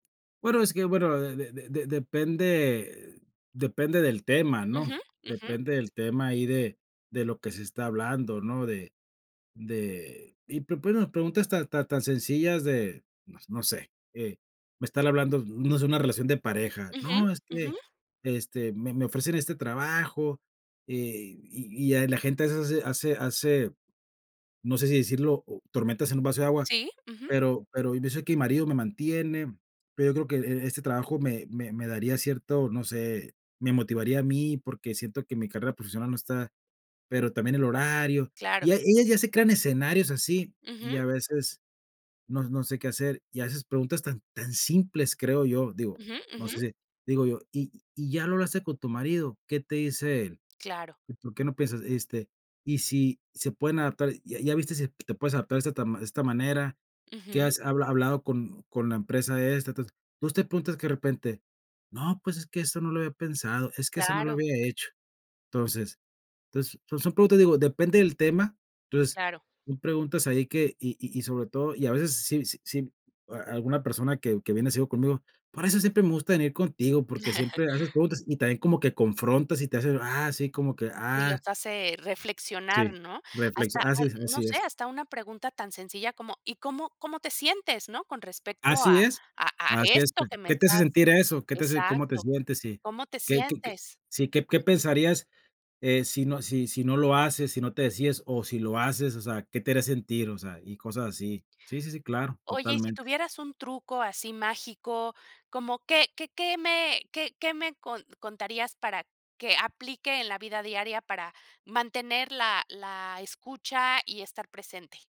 Bueno, es que, bueno, de de de depende depende del tema, ¿no? Ujú, ujú. Depende del tema ahí de de lo que se está hablando, ¿no? De de y pues bueno preguntas tan tan tan sencillas de, no sé, me están hablando, no se, una relación de pareja, Ujú, no, es ujú. que, este, me me ofrecen e este trabajo, eh, y y la gente hace hace hace, no sé si decirlo, o tormentas en un vaso de agua, Sí, ujú. pero pero yo sé que mi marido me mantiene, pero yo creo que e e este trabajo me me me daría cierto, no sé me motivaría a mí porque siento que mi carrera profesional no está, pero también el horario. Claro. Y ella ya se crea en escenarios así, y Ujú. a veces no no sé qué hacer, y a veces preguntas tan tan simples, creo yo, digo, Ujú, no sé ujú. si, digo yo: "¿Y y ya lo hablaste con tu marido? ¿Qué te dice él?" Claro. ¿Por qué no piensas? Este, y si se pueden adaptar, ¿ya ya viste si te puedes adaptar de esta ma de esta manera? Que Ujú. has ha hablado con con la empresa esta, entonces entonces, te preguntas de repente, no, pues, es que eso no lo había pensado, es que eso no lo Claro. había hecho. Entonces entonces, son preguntas, digo, depende del tema, entonces Claro. tú preguntas ahí que, y y y sobre todo, y a veces si si a alguna persona que que viene sido conmigo, por eso siempre me gusta venir contigo, porque siempre haces preguntas, y también como que confrontas y te haces, ah, sí, como que, Y los ah. hace reflexionar, Sí, ¿no? reflexi Hasta a así es, no así sé, es. hasta una pregunta tan sencilla como, ¿y cómo cómo te sientes, no? Con respecto a Así es, a a así es ¿T esto que me qué te hace estás sentir eso? ¿Qué te hace cómo te exacto. sientes? Sí, ¿Cómo te qué qué, sientes? sí, qué qué Ujú. pensarías si no si si no lo haces, si no te decides, o, si lo haces, o sea, qué te haría sentir, o sea, y cosas así. Sí, sí, sí, claro, Oye, y si totalmente. tuvieras un truco así mágico, ¿como qué qué qué me qué qué me contarías para que aplique en la vida diaria para mantener la la escucha y estar presente?